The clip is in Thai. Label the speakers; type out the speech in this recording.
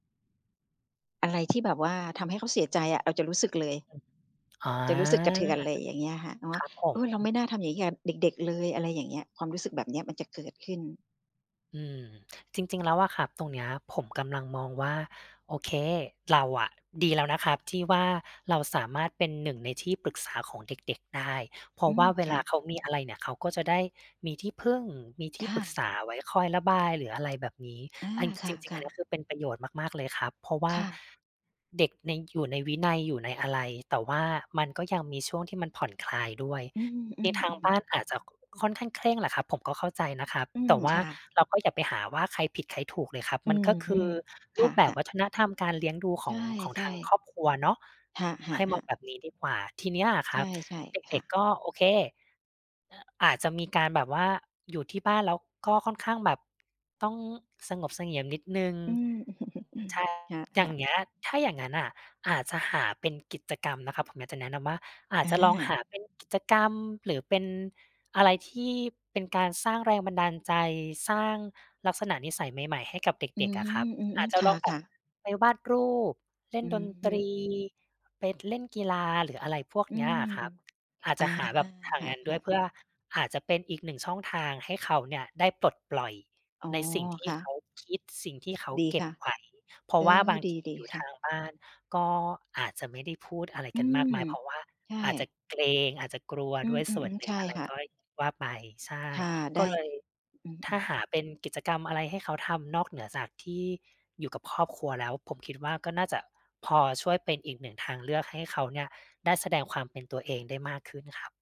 Speaker 1: อะไรที่แบบว่าทำให้เขาเสียใจอะ เราจะรู้สึกเลย
Speaker 2: อ๋อ
Speaker 1: จะรู้สึกกระเทือนเลย อย่างเงี้ยค่ะ เนา
Speaker 2: ค
Speaker 1: ะ
Speaker 2: รับผ
Speaker 1: เอ
Speaker 2: ม
Speaker 1: อ เราไม่น่าทำอย่างงี้กับเด็ก ๆ เลย อะไรอย่างเงี้ย ความรู้สึกแบบเนี้ยมันจะเกิดขึ้น
Speaker 2: อืม จริง ๆ แล้วอะครับ ตรงเนี้ย ผมกำลังมองว่า โอเค เราอะดีแล้วนะครับที่ว่า เราสามารถเป็น 1 ในที่ ปรึกษาของเด็ก ๆ ได้ เพรา
Speaker 1: อื
Speaker 2: ะว่
Speaker 1: ม
Speaker 2: าเว
Speaker 1: ค
Speaker 2: ล
Speaker 1: ่
Speaker 2: า
Speaker 1: ะ
Speaker 2: เขามี อะไรเนี่ย เขาก็จะได้มีที่พึ่ง มีท
Speaker 1: ค
Speaker 2: ี่ป
Speaker 1: ่
Speaker 2: รึก
Speaker 1: ะ
Speaker 2: ษาไว้คอย ระบาย หรืออะไรแบบนี้
Speaker 1: อา
Speaker 2: อัน
Speaker 1: ค
Speaker 2: จริง ๆ อั
Speaker 1: ่
Speaker 2: น
Speaker 1: ะ
Speaker 2: เนี้
Speaker 1: ๆ
Speaker 2: ยคือเป็นประโยชน์มาก ๆ เลยครับ เพราะว่
Speaker 1: ค
Speaker 2: า
Speaker 1: ่ะ
Speaker 2: เด็กใน อยู่ในวินัย อยู่ในอะไร แต่ว่ามันก็ยังมีช่วงที่มันผ่อน คลายด้วย
Speaker 1: อือ อื
Speaker 2: ทีทาง
Speaker 1: ม
Speaker 2: บ
Speaker 1: ๆ
Speaker 2: ้าน อาจจะ ค่อนข้างเคร่งแหละครับ ผมก็เข้าใจนะครับ
Speaker 1: อื
Speaker 2: แต
Speaker 1: อ
Speaker 2: ่ว่
Speaker 1: ค
Speaker 2: า
Speaker 1: ่ะ
Speaker 2: เราก็อย่าไปหาว่า ใครผิดใครถูกเลยครับ
Speaker 1: อื
Speaker 2: มัน
Speaker 1: ม
Speaker 2: ก็คือ
Speaker 1: ค
Speaker 2: รูปแบบ
Speaker 1: ่ะ
Speaker 2: ว
Speaker 1: ๆ
Speaker 2: ัฒนธรรมการเลี้ยงดูข
Speaker 1: ใช
Speaker 2: อง ของท
Speaker 1: ่
Speaker 2: างค
Speaker 1: ๆ
Speaker 2: รอบครัวเนาะ
Speaker 1: ค่
Speaker 2: ใ
Speaker 1: ะ
Speaker 2: ห้ม
Speaker 1: ๆ
Speaker 2: อง
Speaker 1: ๆ
Speaker 2: แบบนี้ดีกว่า ทีนี้อะค
Speaker 1: ใช
Speaker 2: รั
Speaker 1: ่
Speaker 2: บ เ
Speaker 1: ๆ ค
Speaker 2: ด
Speaker 1: ่
Speaker 2: ็
Speaker 1: ะ
Speaker 2: ก ๆ ก็ โอเค อ อาจจะมีการแบบว่าอยู่ที่บ้าน แล้วก็ค่อนข้างแบบ ต้องสงบเสงี่ยมนิดหนึ่ง
Speaker 1: อืม
Speaker 2: ใช่
Speaker 1: ค
Speaker 2: อย่
Speaker 1: ่
Speaker 2: า
Speaker 1: ะ
Speaker 2: ง
Speaker 1: ๆ
Speaker 2: เงี้ย ถ้าอย่างงั้นน่ะอาจจะหาเป็นกิจกรรมนะครับ ผมอยากจะแนะนำว่า อาจ
Speaker 1: อ
Speaker 2: จะลองห
Speaker 1: า
Speaker 2: าเป็นกิจกรรม หรือเป็นอะไรที่เป็นการสร้างแรงบันดาลใจ สร้างลักษณะนิสัยใหม่ ๆ ให้กับเ
Speaker 1: อื
Speaker 2: ด็ก ๆ อ
Speaker 1: ม
Speaker 2: ะครับ
Speaker 1: อื
Speaker 2: อา
Speaker 1: ม
Speaker 2: จจ
Speaker 1: ๆ
Speaker 2: ะ
Speaker 1: ค
Speaker 2: ลองแบ
Speaker 1: ่
Speaker 2: บ
Speaker 1: ะ ๆ
Speaker 2: ไปวาดรูป เล่
Speaker 1: อ
Speaker 2: น
Speaker 1: ื
Speaker 2: ด
Speaker 1: อ
Speaker 2: น
Speaker 1: ฮ
Speaker 2: ต
Speaker 1: ึ
Speaker 2: รี ไป เล่นกีฬา หรืออะไรพวก
Speaker 1: อื
Speaker 2: เนี้ย
Speaker 1: ม
Speaker 2: อะครับ อาจ
Speaker 1: อ
Speaker 2: จ
Speaker 1: า
Speaker 2: ะหาแบบหา
Speaker 1: ค่
Speaker 2: งานด้ว
Speaker 1: ะ
Speaker 2: ย
Speaker 1: ๆ
Speaker 2: เพื่อ อาจจะเป็นอีก 1 ช่องทางให้เขาเนี่ยได้ปลดปล่อย
Speaker 1: อ๋อ
Speaker 2: ในสิ่งที
Speaker 1: ค
Speaker 2: ่
Speaker 1: ่
Speaker 2: เขา
Speaker 1: ะ
Speaker 2: คิด สิ่งที่เขา
Speaker 1: ดี
Speaker 2: เก็
Speaker 1: ค
Speaker 2: บ
Speaker 1: ่ะ
Speaker 2: ไว้ เพรา
Speaker 1: เอ
Speaker 2: ะว่า
Speaker 1: อ
Speaker 2: บางที
Speaker 1: ดี
Speaker 2: อยู่
Speaker 1: ๆ ค
Speaker 2: ท
Speaker 1: ่
Speaker 2: า
Speaker 1: ะ
Speaker 2: งบ้านก็อาจจะไม่ได้พูดอะไร
Speaker 1: อื
Speaker 2: กันมาก
Speaker 1: ม
Speaker 2: มาย เพราะว่า
Speaker 1: ใช
Speaker 2: อาจจ
Speaker 1: ่
Speaker 2: ะเกรง อาจจะกลัว
Speaker 1: อื
Speaker 2: ด้วยส
Speaker 1: ม
Speaker 2: ่วน
Speaker 1: ๆ
Speaker 2: หน
Speaker 1: ๆ
Speaker 2: ึ
Speaker 1: ใ
Speaker 2: ่
Speaker 1: ช
Speaker 2: ง
Speaker 1: ่
Speaker 2: อะไร
Speaker 1: ค่
Speaker 2: ก
Speaker 1: ะ
Speaker 2: ้อยว่าไป ใช่
Speaker 1: ค่ะ ไ
Speaker 2: ก
Speaker 1: ด
Speaker 2: ็
Speaker 1: ้
Speaker 2: เลย
Speaker 1: อื
Speaker 2: ถ้า
Speaker 1: ม ๆ
Speaker 2: หาเป็นกิจกรรมอะไรให้เขาทำ นอกเหนือจากที่อยู่กับครอบครัวแล้ว ผมคิดว่า ก็น่าจะพอช่วยเป็นอีก 1 ทางเลือกให้เขาเนี่ยได้แสดงความเป็นตัวเองได้มากขึ้นครับ